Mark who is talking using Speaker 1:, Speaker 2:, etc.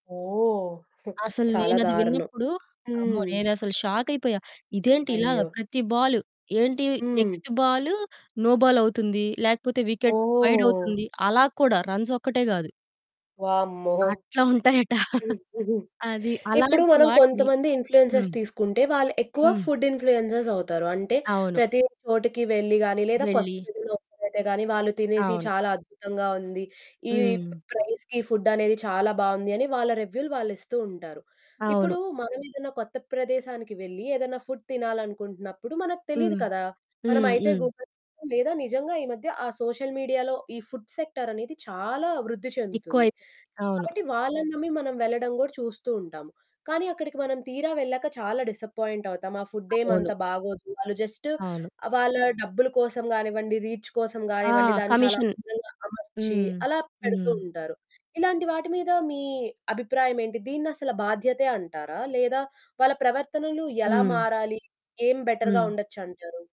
Speaker 1: ఓహ్!
Speaker 2: అసలు
Speaker 1: చాలా
Speaker 2: నేనది
Speaker 1: దారుణం.
Speaker 2: విన్నప్పుడు, అమ్మో!
Speaker 1: హ్మ్.
Speaker 2: నేనసలు షాకయిపోయా. ఇదేంటి ఇలాగ
Speaker 1: అయ్యో!
Speaker 2: ప్రతి బాలు, ఏంటి
Speaker 1: హ్మ్.
Speaker 2: నెక్స్టు బాలు, నో బాల్ అవుతుంది. లేకపోతే వికెట్ వైడ్
Speaker 1: ఓహ్!
Speaker 2: అవుతుంది. అలా కూడా రన్స్ ఒక్కటే గాదు.
Speaker 1: వామ్మో!
Speaker 2: అట్లా ఉంటాయట.
Speaker 1: హ్మ్. హుహు.
Speaker 2: అది.
Speaker 1: ఇప్పుడు
Speaker 2: అలాంటి
Speaker 1: మనం
Speaker 2: వాటిని
Speaker 1: కొంతమంది ఇన్‌ఫ్లూయెన్సర్స్
Speaker 2: హ్మ్.
Speaker 1: తీసుకుంటే, వాళ్ళు ఎక్కువ
Speaker 2: హ్మ్.
Speaker 1: ఫుడ్ ఇన్‌ఫ్లూయెన్సర్స్ అవుతారు. అంటే,
Speaker 2: అవును.
Speaker 1: ప్రతి చోటికి వెళ్లి కానీ, లేదా
Speaker 2: వెళ్ళి.
Speaker 1: కొత్తదేదైనా ఓపెన్ అయితే గానీ వాళ్ళు తినేసి,
Speaker 2: అవును.
Speaker 1: చాలా అద్భుతంగా ఉంది, ఈ
Speaker 2: హ్మ్.
Speaker 1: ప్రైస్‌కి ఫుడ్ అనేది చాలా బాగుంది అని, వాళ్ళ రివ్యూలు వాళ్ళిస్తూ ఉంటారు.
Speaker 2: అవును.
Speaker 1: ఇప్పుడూ మనమేదన్నా కొత్త ప్రదేశానికి వెళ్లి, ఏదైనా ఫుడ్ తినాలనుకుంటున్నప్పుడు, మనకు తెలీదు
Speaker 2: హ్మ్.
Speaker 1: కదా!
Speaker 2: హ్మ్.
Speaker 1: మనమయితే
Speaker 2: హ్మ్.
Speaker 1: గూగుల్ చెస్తాం, లేదా నిజంగా ఈ మధ్య ఆ సోషల్ మీడియాలో ఈ ఫుడ్ సెక్టార్ అనేది, చాలా వృద్ధి చెందుతుంది.
Speaker 2: ఎక్కువైపోయింది. అవును.
Speaker 1: కాబట్టి వాళ్ళని నమ్మి మనం వెళ్ళడం గూడా చూస్తూ ఉంటాం. కానీ, అక్కడికి మనం తీరా వెళ్ళాక చాలా డిసప్పాయింట్ అవుతాం. ఆ ఫుడ్డేం
Speaker 2: అవును.
Speaker 1: అంత బాగోదు. వాళ్ళు జస్టు,
Speaker 2: అవును.
Speaker 1: ఆహ్, వాళ్ళ డబ్బుల కోసం గానివ్వండి, రీచ్ కోసం
Speaker 2: ఆ!
Speaker 1: గానివ్వండి, దాన్ని చాలా
Speaker 2: కమిషన్.
Speaker 1: అందంగా అమర్చి
Speaker 2: హ్మ్.
Speaker 1: అలా పెడుతూ
Speaker 2: హ్మ్.
Speaker 1: ఉంటారు. ఇలాంటి వాటి మీద మీ అభిప్రాయమేంటి? దీన్నసల బాధ్యతే అంటారా? లేదా, వాళ్ళ ప్రవర్తనలు ఎలా
Speaker 2: హ్మ్.
Speaker 1: మారాలి? ఏం బెటర్‌గా
Speaker 2: హ్మ్.
Speaker 1: ఉండొచ్చంటారు.